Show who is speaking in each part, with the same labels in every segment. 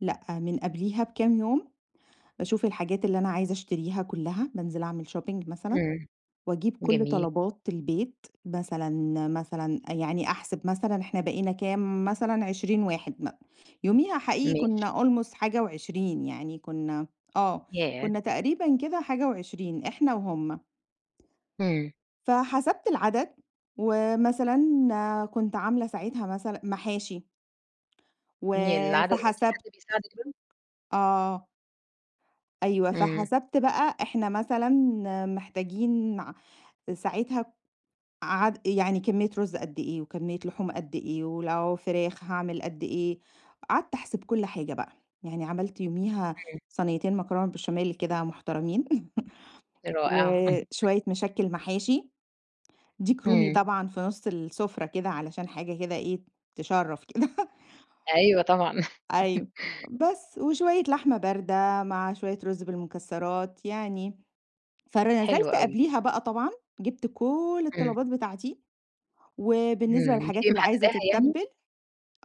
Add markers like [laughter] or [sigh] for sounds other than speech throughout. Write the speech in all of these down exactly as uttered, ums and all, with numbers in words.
Speaker 1: لأ، من قبليها بكام يوم، باشوف الحاجات اللي أنا عايزة اشتريها كلّها، بانزل اعمل shopping مثلًا،
Speaker 2: إمم.
Speaker 1: واجيب كل
Speaker 2: جميل.
Speaker 1: طلبات البيت مثلًا مثلًا آآ، يعني أحسب مثلًا احنا بقينا كام مثلًا عشرين واحد مأ يوميها حقيقي
Speaker 2: ماشي.
Speaker 1: كنّا almost حاجة وعشرين يعني كنّا آه،
Speaker 2: ياه!
Speaker 1: كنّا تقريبًا كده حاجة وعشرين إحنا وهُم.
Speaker 2: همم.
Speaker 1: فحسبت العدد ومثلًا، كنت عاملة ساعتها مثلًا محاشي
Speaker 2: [unintelligible] العدد هو في
Speaker 1: وفحسبت
Speaker 2: حد بيساعدك بقى؟
Speaker 1: آه. أيوه،
Speaker 2: إمم.
Speaker 1: فحسبت بقى إحنا مثلًا محتاجين مع ساعتها عاد يعني كميّة رُز قد إيه، وكميّة لحوم قد إيه، ولو فراخ هاعمل قد إيه. قعدت احسب كل حاجة بقى. يعني عملت يوميها
Speaker 2: اهم.
Speaker 1: صنيتين مكرونة بشاميل كده، مُحترمين [chuckles]
Speaker 2: رائع. [chuckles]
Speaker 1: وشوية مشكّل محاشي، ديك رومي
Speaker 2: همم.
Speaker 1: طبعًا في نُص السفرة كده علشان حاجة كده إيه، تشرّف كده
Speaker 2: أيوه، طبعًا.
Speaker 1: أيوه،
Speaker 2: [chuckles]
Speaker 1: بس وشوية لحمة باردة مع شوية رُز بالمكسرات يعني، فر
Speaker 2: حلو
Speaker 1: نزلت
Speaker 2: اوي.
Speaker 1: قبليها بقى طبعًا، جبت كل
Speaker 2: إمم.
Speaker 1: الطلبات بتاعتي وبالنسبة
Speaker 2: إمم،
Speaker 1: للحاجات
Speaker 2: بتبقي
Speaker 1: اللي عايزة
Speaker 2: محدداها يعني؟
Speaker 1: تتبّل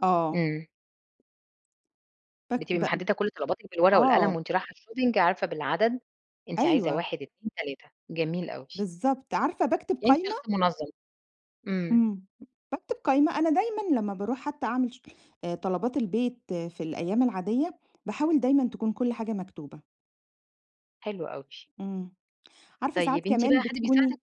Speaker 1: آه.
Speaker 2: إمم.
Speaker 1: بك
Speaker 2: بتبقي
Speaker 1: بأم
Speaker 2: محددة كل طلباتِك بالورقة والقلم
Speaker 1: آه.
Speaker 2: وأنتِ رايحة الshopping عارفة بالعدد أنتِ عايزة
Speaker 1: أيوه.
Speaker 2: واحد، اتنين، تلاتة جميل أوي.
Speaker 1: بالضبط، عارفة باكتب
Speaker 2: يعني أنتِ
Speaker 1: قايمة
Speaker 2: شخص منظَّم. إمم.
Speaker 1: إمم، باكتب قايمة. أنا دايمًا لمّا باروح حتى أعمل شو آآ، طلبات البيت في الأيام العادية، باحاول دايمًا تكون كل حاجة مكتوبة.
Speaker 2: حلو أوي.
Speaker 1: إمم، عارفة ساعات
Speaker 2: طيب، أنتِ
Speaker 1: كمان
Speaker 2: بقى حد
Speaker 1: بتكوني
Speaker 2: بيساعدِك؟